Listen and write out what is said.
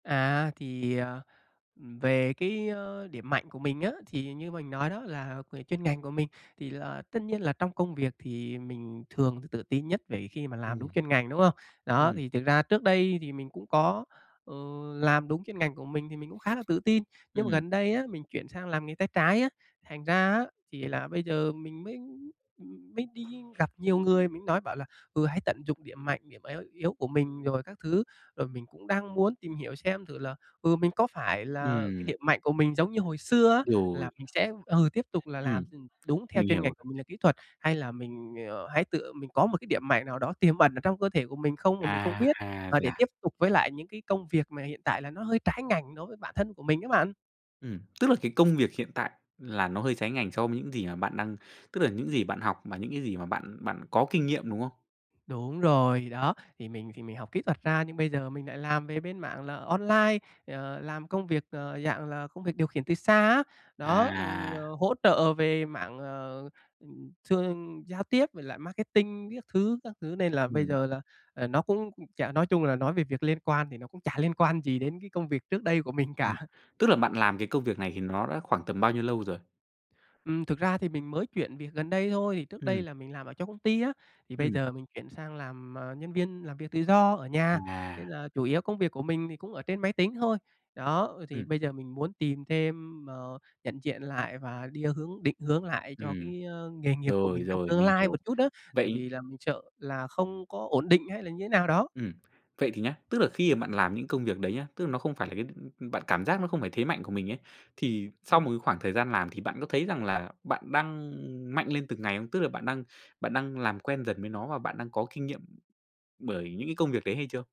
À, thì, ờ, về, cái, ơ, điểm mạnh của mình á, thì như mình nói đó là về chuyên ngành của mình thì là tất nhiên là trong công việc thì mình thường t tự tin nhất về khi mà làm đúng Ừm. chuyên ngành, đúng hông? Đó, Ừm. thì thực ra trước đây thì mình cũng có, ờ, làm đúng chuyên ngành của mình thì mình cũng khá là tự tin, nhưng mà Ừm. gần đây á, mình chuyển sang làm nghề tay trái á, thành ra á thì là bây giờ mình mới m mới đi gặp nhiều người, mình nói bảo là, ừ, hãy tận dụng điểm mạnh, điểm yếu yếu của mình rồi các thứ. Rồi mình cũng đang muốn tìm hiểu xem thử là, ừ, mình có phải là cái Ừm. điểm mạnh của mình giống như hồi xưa á, là Rồi. mình sẽ, ừ, tiếp tục là làm Ừm, đúng theo mình chuyên ngành hiểu. của mình là kỹ thuật, hay là mình, ờ, hãy tự mình có một cái điểm mạnh nào đó tiềm ẩn ở trong cơ thể của mình không mà mình không À biết, ha, và vậy để tiếp à? tục với lại những cái công việc mà hiện tại là nó hơi trái ngành đối với bản thân của mình á bạn. Ừm, tức là cái công việc hiện tại là nó hơi trái ngành so với những gì mà bạn đang tức là những gì bạn học mà những cái gì mà bạn bạn có kinh nghiệm, đúng không? Đúng rồi, đó, thì mình thì mình học kỹ thuật ra nhưng bây giờ mình lại làm về bên mảng là online, ờ, làm công việc, ờ, dạng là công việc điều khiển từ xa á, đó, ừ, À! ờ, hỗ trợ về mảng, ờ, thường giao tiếp với lại marketing các thứ các thứ, nên là bây Ừm. giờ là, ờ, nó cũng chả nói chung là nói về việc liên quan thì nó cũng chả liên quan gì đến cái công việc trước đây của mình Ừm, cả. tức là bạn làm cái công việc này thì nó đã khoảng tầm bao nhiêu lâu rồi? Ừm, thực ra thì mình mới chuyển việc gần đây thôi, trước đây Ừm. là mình làm ở trong công ty á, thì bây Ừm. giờ mình chuyển sang làm, à, nhân viên làm việc tự do ở nhà, nên À! là chủ yếu công việc của mình thì cũng ở trên máy tính thôi. Đó, ờ, thì Ừm. bây giờ mình muốn tìm thêm, ờ, nhận diện lại và đi hướng định hướng lại cho Ừm, cái nghề nghiệp của rồi, mình trong rồi, tương mình lai hiểu. một chút á, tại Vậy vì là mình sợ là không có ổn định hay là như thế nào đó. ừm, vậy thì nhá, tức là khi mà bạn làm những công việc đấy nhá, tức là nó không phải là cái, ưm, bạn cảm giác nó không phải thế mạnh của mình ấy, thì sau một Ừm. cái khoảng thời gian làm thì bạn có thấy rằng là bạn đang mạnh lên từng ngày không? Tức là bạn đang bạn đang làm quen dần với nó và bạn đang có kinh nghiệm bởi những cái công việc đấy hay chưa?